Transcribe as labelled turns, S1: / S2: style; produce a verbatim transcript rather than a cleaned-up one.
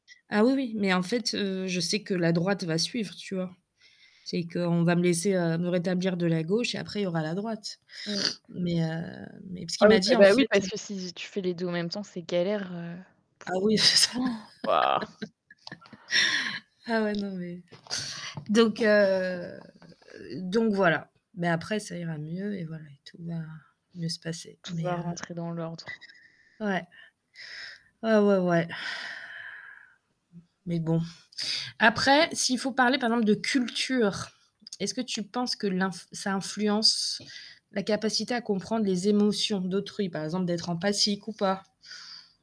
S1: Ah oui, oui, mais en fait, heu, je sais que la droite va suivre, tu vois? C'est qu'on va me laisser, heu, me rétablir de la gauche et après il y aura la droite
S2: Mmh.
S1: mais heu, mais parce ce
S2: Ah
S1: qu'il
S2: oui,
S1: m'a dit,
S2: bah
S1: en
S2: bah oui,
S1: fait,
S2: parce
S1: heu
S2: que si tu fais les deux en même temps, c'est galère, heu,
S1: Ah
S2: pour,
S1: oui, c'est ça!
S2: heu waouh!
S1: Ah ouais, non mais, donc heu, donc voilà. Mais après ça ira mieux et voilà et tout va mieux se passer,
S2: Tout
S1: mais
S2: va
S1: heu
S2: rentrer dans l'ordre.
S1: Ouais. Ouais, ouais, ouais. Mais bon, après s'il faut parler, par exemple, de culture, est-ce que tu penses que l'inf ça influence la capacité à comprendre les émotions d'autrui, par exemple, d'être empathique ou pas?